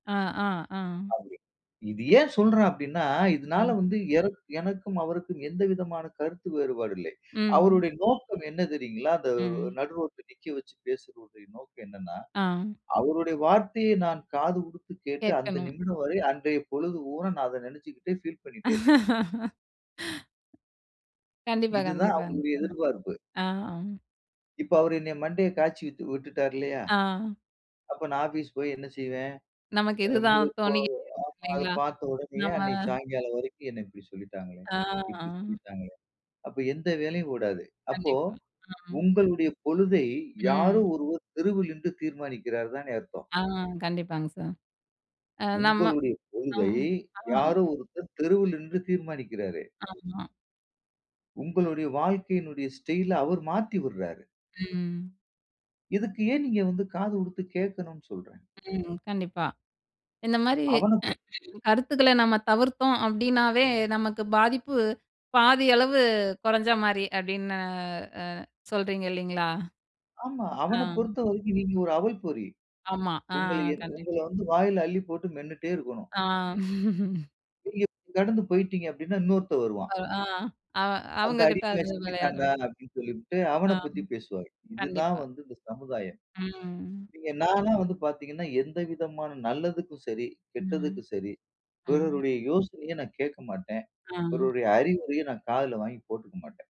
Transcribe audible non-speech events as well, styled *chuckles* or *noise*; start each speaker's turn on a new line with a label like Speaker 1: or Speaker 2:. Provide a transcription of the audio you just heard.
Speaker 1: ஆ, ஆ. ஆ.
Speaker 2: *unintelligible* இது ஏன் சொல்லுறேன் அப்படின்னா, இதனால வந்து
Speaker 1: *unintelligible*
Speaker 2: எரக் எனக்கும் அவருக்கும் எந்த விதமான கருத்து வேறுபாடு இல்லை.
Speaker 1: ம்.
Speaker 2: அவருடைய நோக்கம் என்ன தெரியுங்களா? அந்த
Speaker 1: ம்.
Speaker 2: நடு ரோட்ல நிக்க வச்சு பேசுற நோக்கம் என்னனா,
Speaker 1: ஆ,
Speaker 2: அவருடைய வார்த்தைய நான் காது குடுத்து கேட்டு அந்த
Speaker 1: கேட்கணும்.
Speaker 2: நிமிடம் வரை அன்றைய பொழுது ஊன நான் அதை நனைச்சிக்கிட்டே ஃபீல் பண்ணிட்டே இருக்கணும்.
Speaker 1: *laughs* கண்டிப்பா,
Speaker 2: இதுதான்
Speaker 1: கண்டிப்பாங்க,
Speaker 2: அவங்களுடைய எதிர்பார்ப்பு.
Speaker 1: ஆ, ஆ.
Speaker 2: இப்ப அவர் என்ன மண்டைய காய்ச்சி விட் விட்டுட்டாரு இல்லயா.
Speaker 1: ஆ.
Speaker 2: அப்போ நான் ஆபீஸ் போய் என்ன செய்வேன்?
Speaker 1: நமக்கு இதுதான், தோணிக்கிட்டே இருக்கு,
Speaker 2: *unintelligible* அத
Speaker 1: இல்லங்களா
Speaker 2: பாத்த உடனேயே
Speaker 1: நம்ம
Speaker 2: அன்னைக்கு சாயங்காலம் வரைக்கும் என்னை இப்படி சொல்லிட்டாங்களே, இப்படி
Speaker 1: ஆங்,
Speaker 2: சொல்லிட்டாங்களே. அப்போ எந்த வேலையும் ஓடாது. அப்போ
Speaker 1: கண்டிப்பா. ஆ.
Speaker 2: உங்களுடைய பொழுதை யாரோ
Speaker 1: ம்.
Speaker 2: ஒருவர் தெருவில் நின்னு தீர்மானிக்குறார் தானே அர்த்தம்.
Speaker 1: ஆ, கண்டிப்பாங்க சார். ஆ நம்ம
Speaker 2: உங்களுடைய
Speaker 1: அ,
Speaker 2: கொள்கை யாரோ ஒருத்தர் தெருவில் நின்று தீர்மானிக்குறாரே.
Speaker 1: ஆமா.
Speaker 2: உங்களுடைய வாழ்க்கையினுடைய ஸ்டைல அவர் மாத்தி விடுறாரு.
Speaker 1: ம்.
Speaker 2: இதுக்கு ஏன் நீங்க வந்து காது கொடுத்து கேட்கணும்னு சொல்லுறேன்.
Speaker 1: ம், கண்டிப்பா. இந்த மாதிரி
Speaker 2: அவனுக்கு
Speaker 1: *clears throat* கருத்துக்கள்ல நம்ம தவிர்த்தோம் அப்படினாவே நமக்கு பாதிப்பு பாதி அளவு குறைஞ்ச மாதிரி. அப்படின்னு அ சொல்கிறீங்க இல்லைங்களா
Speaker 2: ஆமா.
Speaker 1: ஆ.
Speaker 2: அவன பொறுத்தவரைக்கும் நீங்க ஒரு அவல் பொறி.
Speaker 1: ஆமா, ஆ,
Speaker 2: உங்கள என்
Speaker 1: கண்டிப்
Speaker 2: உங்கள வந்து வாயில அள்ளி போட்டு மென்னுட்டே இருக்கணும்.
Speaker 1: ஆ. *chuckles*
Speaker 2: நீங்க கடந்து போய்ட்டீங்க அப்படின்னா, இன்னொருத்தன் வருவான்.
Speaker 1: *unintelligible* அ
Speaker 2: அந்த
Speaker 1: அவங்க கிட்ட
Speaker 2: அடிமை
Speaker 1: அது
Speaker 2: சிக்கிட்டான்டா
Speaker 1: விளையாடணும்.
Speaker 2: அப்படின்னு சொல்லிட்டு
Speaker 1: ஆ,
Speaker 2: அவனைப் பத்தி பேசுவாங்க. இது தான்
Speaker 1: கண்டிப்பா.
Speaker 2: வந்து இந்த சமுதாயம்.
Speaker 1: ம்.
Speaker 2: நீங்க நான்லாம் வந்து பாத்தீங்கன்னா, எந்த விதமான நல்லதுக்கும் சரி,
Speaker 1: ம்,
Speaker 2: கெட்டதுக்கும் சரி
Speaker 1: ம்.
Speaker 2: பிறருடைய யோசனைய நான் கேட்க மாட்டேன்.
Speaker 1: ஆ.
Speaker 2: பிறருடைய அறிவுரையும் நான் காதுல வாங்கி போட்டுக்க மாட்டேன்.